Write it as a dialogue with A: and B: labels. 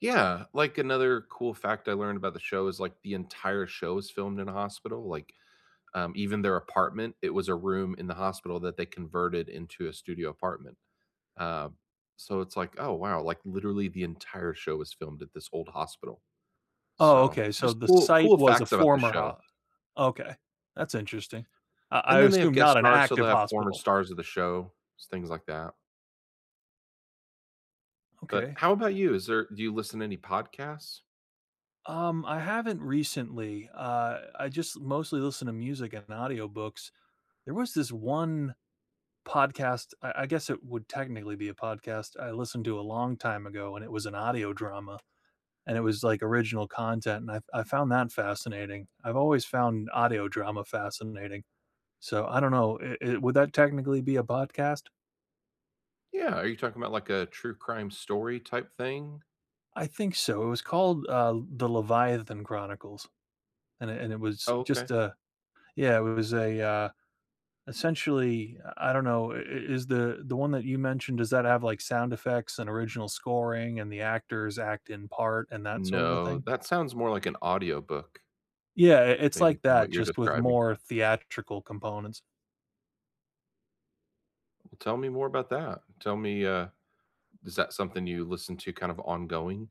A: Yeah, like another cool fact I learned about the show is like the entire show is filmed in the hospital, like, um, even their apartment, it was a room in the hospital that they converted into a studio apartment. Uh, so it's like, oh wow, like literally the entire show was filmed at this old hospital.
B: Oh,
A: So,
B: okay, so
A: just
B: the
A: cool
B: site
A: cool
B: was a
A: facts about the
B: former
A: show.
B: ho okay. That's interesting. I
A: And
B: I
A: then they have
B: assume
A: guest
B: not an
A: stars, so
B: active
A: they have former
B: hospital.
A: stars of the show, things like that. But
B: Okay.
A: how about you, is there do you listen to any podcasts?
B: Um, I haven't recently, uh, I just mostly listen to music and audiobooks. There was this one podcast, I I guess it would technically be a podcast, I listened to a long time ago and it was an audio drama, and it was like original content, and I I found that fascinating, I've always found audio drama fascinating. So I don't know, it it would that technically be a podcast?
A: Yeah, are you talking about like a true crime story type thing?
B: I think so, it was called, uh, the Leviathan Chronicles. And it and it was
A: Okay.
B: just a yeah, it was a, uh, essentially, uh, I don't know, i is the the one that you mentioned, does that have like sound effects and original scoring and the actors act in part and that sort of a
A: No,
B: thing?
A: that sounds more like an audiobook
B: Yeah, i it's
A: maybe
B: like
A: from what
B: that,
A: you're
B: just with
A: describing.
B: more theatrical components.
A: Tell me more about that, tell me, uh, is that something you listen to kind of ongoing?